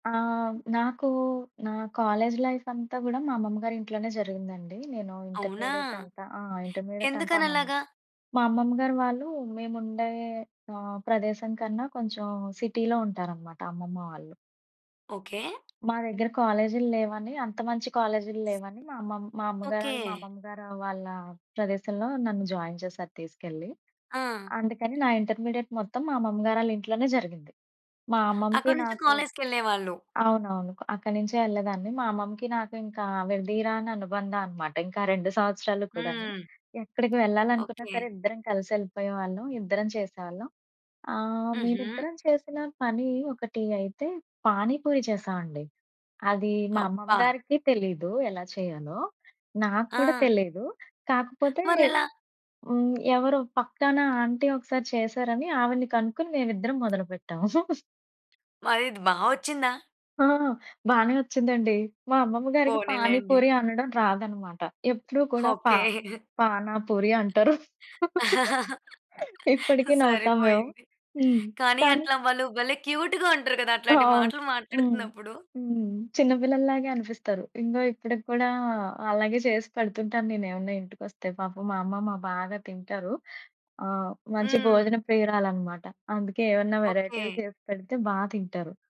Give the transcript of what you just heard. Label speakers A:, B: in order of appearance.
A: ఆహ్, నాకు నా కాలేజ్ లైఫంతా గూడా మా అమ్మమ్మ‌ గారింట్లోనే జరిగిందండి. నేను
B: అవునా?
A: ఇంటర్మీడియేట్ అంతా ఆ! ఇంటర్మీడియేట్ అంతా అమ్మమ్మ
B: ఎందుకనలాగా?
A: మా అమ్మమ్మ గారు వాళ్ళు మేముండే ఆహ్, ప్రదేశం కన్నా కొంచెం సిటీలో ఉంటారన్నమాట అమ్మమ్మ వాళ్ళు.
B: ఓకే.
A: మా దగ్గర కాలేజీ‌ల్లేవని, అంత మంచి కాలేజీ‌ల్లేవని, మా అమ్మమ్మ మా అమ్మగారు వాళ్ళు మా
B: ఓకె.
A: అమ్మమ్మ గారు వాళ్ళ ప్రదేశంలో నన్ను జాయిన్ చేశారు తీసుకెళ్ళి.
B: ఆ!
A: అందుకని నా ఇంటర్మీడియేట్ మొత్తం మా అమ్మమ్మగారాళ్ళ ఇంట్లోనే జరిగింది. మా అమ్మమ్మకి,
B: అక్కడి నుంచి
A: నాకు
B: కాలేజ్‌కెళ్ళేవాళ్ళు.
A: అవునవును. అక్కడి నుంచే యెళ్ళేదాన్ని. మా అమ్మమ్మకి, నాకింకా విడదీయరాని అనుబంధమన్నమాట. ఇంకా 2 సంవత్సరాలు కూడాని.
B: హ్మ్.
A: ఎక్కడికి వెళ్ళాలనుకున్నా
B: ఓకె.
A: సరే! ఇద్దరం కలిసెళ్ళిపోయేవాళ్ళం. ఇద్దరం చేసేవాళ్ళం. ఆహ్,
B: హుహు
A: మేమిద్దరం చేసిన పని ఒకటి అయితే పాని పూరి చేశామండి. అది మా అమ్మమ్మ
B: అబ్బా!
A: గారికి తెలీదు ఎలా చేయాలో? నాకూడా
B: ఆ!
A: తెలియదు. కాకపోతే,
B: మరెలా?
A: హ్మ్. ఎవరో పక్కన ఆంటీ ఒకసారి చేశారని ఆవిడ్ని కనుక్కొని మేమిద్దరం మొదలు పెట్టాం.
B: మరిది బా వొచ్చిందా?
A: ఆ! బానే వచ్చిందండి! మా అమ్మమ్మ గారికి
B: పోనీలేండి.
A: పానీపూరి అనడం రాదన్నమాట. ఎప్పుడు కూడా పా
B: ఓకె.
A: పానాపూరి అంటారు. ఇప్పటికి నవ్వుతాం మేము.
B: సరిపోయింది.
A: హ్మ్.
B: కానీ
A: కానీ
B: అట్లా వాళ్ళు భలే! క్యూటుగా ఉంటారు కదా! అట్లాంటి
A: అవును.
B: మాటలు
A: హ్మ్.
B: మాట్లాడుతున్నప్పుడు.
A: హ్మ్. చిన్న పిల్లల్లాగే అనిపిస్తారు. ఇంగో ఇప్పటిక్కూడా అలాగే చేసి పెడుతుంటాను నేను ఏవన్నా ఇంటికొస్తే. పాపం మా అమ్మమ్మ బాగా తింటారు. ఆ! మంచి
B: హ్మ్.
A: భోజన ప్రియురాలన్నమాట. అందుకే ఏవన్నా
B: ఓకె.
A: వేరైటీలు చేసి పెడితే బా తింటారు.